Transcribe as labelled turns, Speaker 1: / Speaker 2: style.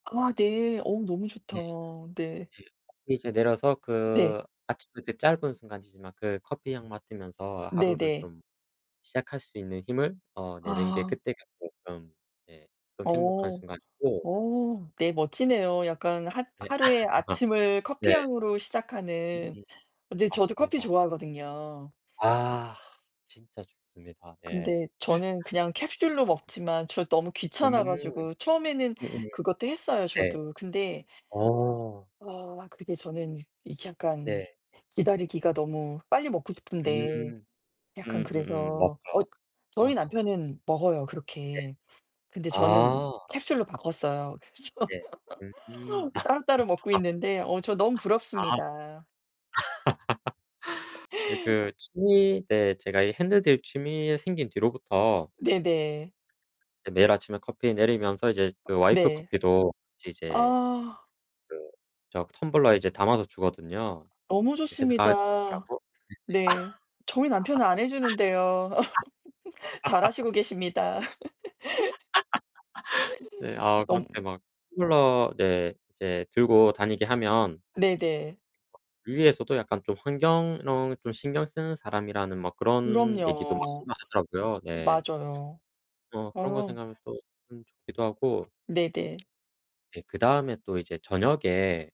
Speaker 1: 아 네. 어 너무
Speaker 2: 예.
Speaker 1: 좋다.
Speaker 2: 예.
Speaker 1: 네.
Speaker 2: 그리고 이제 내려서
Speaker 1: 네.
Speaker 2: 그 아침의 그 짧은 순간이지만 그 커피 향 맡으면서 하루를
Speaker 1: 네네.
Speaker 2: 좀 시작할 수 있는 힘을 어 내는 게
Speaker 1: 아.
Speaker 2: 그때가 쪼끔 예 좀 행복한
Speaker 1: 어.
Speaker 2: 순간이고
Speaker 1: 어 네 멋지네요. 약간 하
Speaker 2: 네.
Speaker 1: 하루에 아침을
Speaker 2: 네.
Speaker 1: 커피 향으로
Speaker 2: 음.
Speaker 1: 시작하는. 네 저도 커피
Speaker 2: 맞습니다.
Speaker 1: 좋아하거든요.
Speaker 2: 아 진짜 좋습니다. 네.
Speaker 1: 근데 저는 그냥 캡슐로 먹지만 저 너무
Speaker 2: 음.
Speaker 1: 귀찮아 가지고 처음에는
Speaker 2: 음음.
Speaker 1: 그것도 했어요
Speaker 2: 네.
Speaker 1: 저도. 근데
Speaker 2: 어.
Speaker 1: 어 그게 저는 이게 약간
Speaker 2: 네.
Speaker 1: 기다리기가 너무 빨리 먹고 싶은데
Speaker 2: 음.
Speaker 1: 약간
Speaker 2: 음음음.
Speaker 1: 그래서. 어
Speaker 2: 맞죠.
Speaker 1: 저희
Speaker 2: 아.
Speaker 1: 남편은 먹어요
Speaker 2: 네.
Speaker 1: 그렇게. 근데 저는
Speaker 2: 아.
Speaker 1: 캡슐로 바꿨어요. 그래서
Speaker 2: 예. 음.
Speaker 1: 따로따로 먹고
Speaker 2: 아. 아.
Speaker 1: 있는데 어 저 너무 부럽습니다.
Speaker 2: 아. 네 그 취미 네 제가 이 핸드드립 취미 생긴 뒤로부터
Speaker 1: 네네.
Speaker 2: 이제 매일 아침에 커피 내리면서 이제 그 와이프
Speaker 1: 네.
Speaker 2: 커피도 같이 이제
Speaker 1: 아.
Speaker 2: 그 저 그 텀블러에 이제 담아서 주거든요.
Speaker 1: 너무
Speaker 2: 예 회사 가지고
Speaker 1: 좋습니다.
Speaker 2: 가라고. 네네.
Speaker 1: 네. 저희 남편은 안 해주는데요.
Speaker 2: 아.
Speaker 1: 잘하시고 계십니다.
Speaker 2: 네. 아
Speaker 1: 너무
Speaker 2: 그렇게 막 텀블러 네 이제 들고 다니게 하면
Speaker 1: 네네.
Speaker 2: 위에서도 약간 좀 환경 이런 거 좀 신경 쓰는 사람이라는 뭐 그런 얘기도 막
Speaker 1: 그럼요.
Speaker 2: [unintelligible] 하더라고요. 네.
Speaker 1: 맞아요.
Speaker 2: 어 그런 거
Speaker 1: 어.
Speaker 2: 생각하면 또 좀 좋기도 하고
Speaker 1: 네네.
Speaker 2: 네 그다음에 또 이제 저녁에